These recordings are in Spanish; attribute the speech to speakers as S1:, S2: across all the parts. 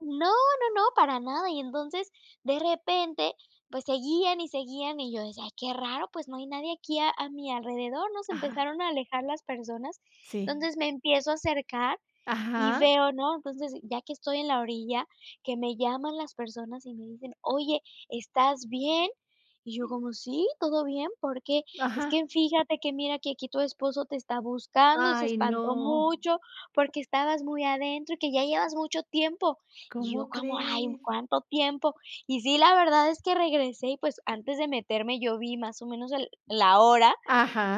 S1: No, no, no, para nada, y entonces de repente, pues seguían y seguían y yo decía: "Ay, qué raro, pues no hay nadie aquí a a mi alrededor", ¿no? Se
S2: Ajá.
S1: empezaron a alejar las personas,
S2: Sí.
S1: entonces me empiezo a acercar y
S2: Ajá.
S1: veo, ¿no? Entonces, ya que estoy en la orilla, que me llaman las personas y me dicen: "Oye, ¿estás bien?". Y yo como: "Sí, todo bien, ¿por qué?". "Es
S2: Ajá.
S1: que fíjate que mira que aquí tu esposo te está buscando y se
S2: Ay,
S1: espantó
S2: no.
S1: mucho porque estabas muy adentro y que ya llevas mucho tiempo". Y yo
S2: ¿Cómo
S1: como: "Ay,
S2: crees?
S1: cuánto tiempo". Y sí, la verdad es que regresé y, pues, antes de meterme, yo vi más o menos el la hora,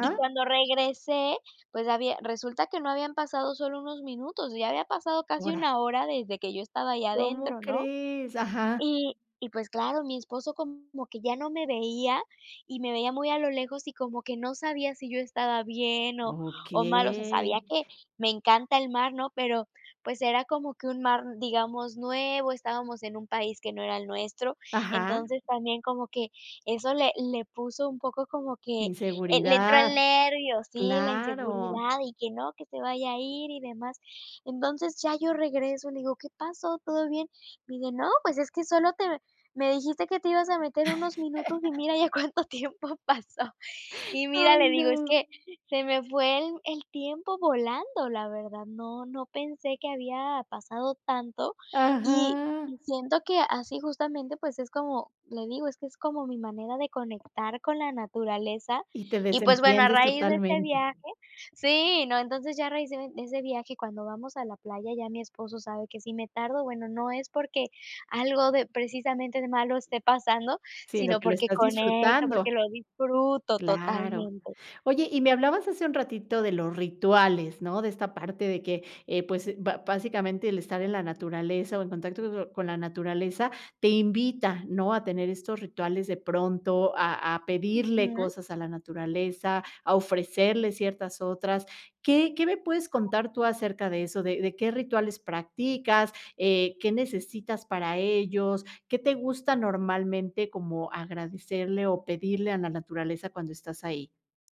S1: y cuando regresé, pues había resulta que no habían pasado solo unos minutos, ya había pasado casi
S2: Horas.
S1: una hora desde que yo estaba ahí
S2: ¿Cómo
S1: adentro, ¿no?
S2: crees? Ajá.
S1: Y y, pues claro, mi esposo como que ya no me veía y me veía muy a lo lejos y como que no sabía si yo estaba bien o
S2: Okey.
S1: o mal, o sea, sabía que me encanta el mar, ¿no? Pero pues era como que un mar, digamos, nuevo, estábamos en un país que no era el nuestro,
S2: Ajá.
S1: entonces también como que eso le le puso un poco como que, eh, le entró
S2: Inseguridad,
S1: el nervio, sí, la
S2: claro.
S1: inseguridad y que no, que se vaya a ir y demás. Entonces ya yo regreso, le digo: "¿Qué pasó? ¿Todo bien?" Me dice: "No, pues es que solo te me dijiste que te ibas a meter unos minutos y mira ya cuánto tiempo pasó". Y mira,
S2: Ay,
S1: le digo: "Es
S2: no.
S1: que se me fue el el tiempo volando, la verdad, no no pensé que había pasado tanto", y
S2: Ajá.
S1: siento que así justamente, pues es como, le digo: "Es que es como mi manera de conectar con la naturaleza"
S2: Y te
S1: y, pues, bueno, a
S2: desentiendes
S1: raíz de este
S2: totalmente.
S1: viaje sí, no, entonces ya a raíz de de ese viaje, cuando vamos a la playa, ya mi esposo sabe que si me tardo, bueno, no es porque algo de precisamente malo esté pasando,
S2: Sino
S1: sino
S2: que lo
S1: porque
S2: estás
S1: conecto, porque
S2: disfrutando.
S1: lo disfruto
S2: Claro.
S1: totalmente.
S2: Oye, y me hablabas hace un ratito de los rituales, ¿no? De esta parte de que, eh, pues, ba básicamente, el estar en la naturaleza o en contacto con la naturaleza te invita, ¿no? A tener estos rituales de pronto, a a pedirle
S1: Ujú.
S2: cosas a la naturaleza, a ofrecerle ciertas otras. ¿Qué qué me puedes contar tú acerca de eso, de de qué rituales practicas, eh, qué necesitas para ellos, qué te gusta normalmente como agradecerle o pedirle a la naturaleza cuando estás ahí?